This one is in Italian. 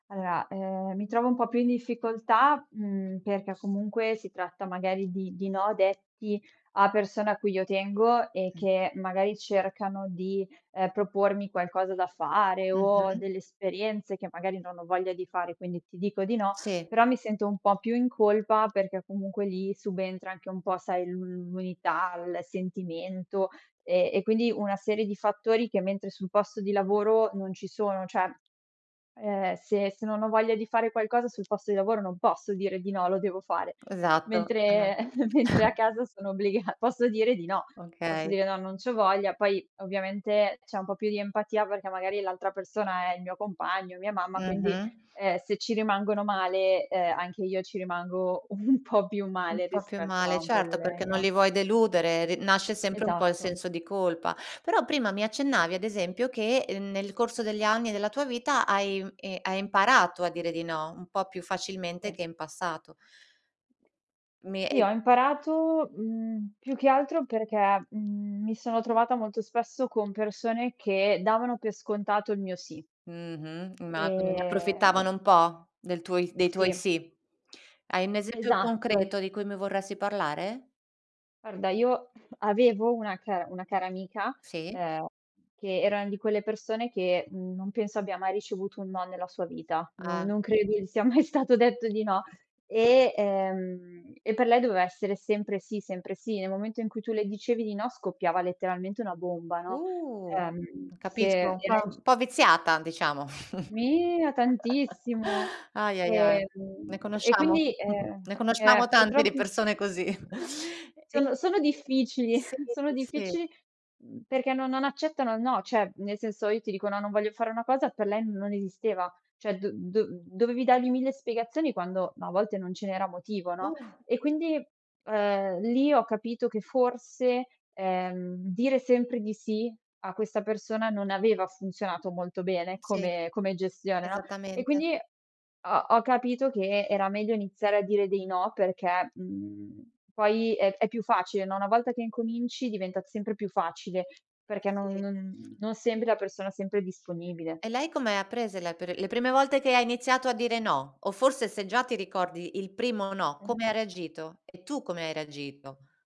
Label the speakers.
Speaker 1: Allora, ehm, mi trovo un po' più in difficoltà, mhmm, perché comunque si tratta magari di di no detti a persone a cui io tengo e che magari cercano di, ehm, propormi qualcosa da fare o
Speaker 2: Mh-mh.
Speaker 1: delle esperienze che magari non ho voglia di fare. Quindi ti dico di no,
Speaker 2: Sì.
Speaker 1: però mi sento un po' più in colpa perché comunque lì subentra anche un po' sai l'u l'unità, il sentimento e e quindi una serie di fattori che mentre sul posto di lavoro non ci sono. Cioè, ehm, se se non ho voglia di fare qualcosa sul posto di lavoro non posso dire di no, lo devo fare.
Speaker 2: Esatto esa
Speaker 1: Mentre mentre a casa sono obbligata, posso dire di no, posso
Speaker 2: Okay.
Speaker 1: dire no, non c'ho voglia, poi ovviamente c'è un po' più di empatia perché magari l'altra persona è il mio compagno, mia mamma, quindi,
Speaker 2: Mh-mh.
Speaker 1: ehm, se ci rimangono male, ehm, anche io ci rimango un po' più
Speaker 2: Un
Speaker 1: male
Speaker 2: po' più
Speaker 1: rispetto a
Speaker 2: male,
Speaker 1: un
Speaker 2: certo, perché non
Speaker 1: collega.
Speaker 2: li vuoi deludere. R nasce sempre un po' il
Speaker 1: Esatto.
Speaker 2: senso di colpa. Però prima mi accennavi ad esempio che nel corso degli anni della tua vita hai i hai imparato a dire di no, un po' più facilmente
Speaker 1: Sì.
Speaker 2: che in passato. Mi
Speaker 1: Sì,
Speaker 2: i
Speaker 1: ho imparato, mhmm, più che altro perché, mhmm, mi sono trovata molto spesso con persone che davano per scontato il mio sì.
Speaker 2: Mh-mh, ma quindi ne approfittavano
Speaker 1: Ehm
Speaker 2: un po' del tuo dei tuoi
Speaker 1: Sì.
Speaker 2: sì. Hai un esempio
Speaker 1: Esatto.
Speaker 2: concreto di cui mi vorresti parlare?
Speaker 1: Guarda io avevo una cara una cara amica,
Speaker 2: Sì.
Speaker 1: ehm, che era una di quelle persone che non penso abbia mai ricevuto un no nella sua vita. No
Speaker 2: Ah.
Speaker 1: non credo gli sia mai stato detto di no. E ehm, e per lei doveva essere sempre sì sempre sì. Nel momento in cui tu le dicevi di no scoppiava letteralmente una bomba, no.
Speaker 2: Uh,
Speaker 1: Ehm, se
Speaker 2: capisco, un po'
Speaker 1: era in gi
Speaker 2: un po' viziata diciamo.
Speaker 1: Mia tantissimo.
Speaker 2: Ahi, ahi, ahi,
Speaker 1: Ehm,
Speaker 2: ne
Speaker 1: e
Speaker 2: conosciamo
Speaker 1: quindi, ehm
Speaker 2: ne
Speaker 1: eh,
Speaker 2: conosciamo tante
Speaker 1: purtroppo
Speaker 2: di persone così. E
Speaker 1: sono sono difficili
Speaker 2: Sì,
Speaker 1: sono
Speaker 2: sì.
Speaker 1: difficili, mhmm, perché no non accettano no, cioè nel senso io ti dico no, non voglio fare una cosa, per lei non esisteva, cioè do do dovevi dargli 1.000 spiegazioni quando ma a volte non ce n'era motivo, no.
Speaker 2: Uh.
Speaker 1: E quindi, ehm, lì ho capito che forse, ehm, dire sempre di sì a questa persona non aveva funzionato molto bene
Speaker 2: Sì,
Speaker 1: come come gestione, no. E
Speaker 2: esattamente.
Speaker 1: quindi ho ho capito che era meglio iniziare a dire dei no, perché, mhmm, poi è è più facile, no. Una volta che incominci diventa sempre più facile,
Speaker 2: Eh,
Speaker 1: perché non
Speaker 2: sì.
Speaker 1: non non sembri la persona sempre disponibile.
Speaker 2: E lei come ha prese la le prime volte che iniziato a dire no, o forse se già ti ricordi il primo no,
Speaker 1: Eh.
Speaker 2: come ha reagito? E tu come hai reagito?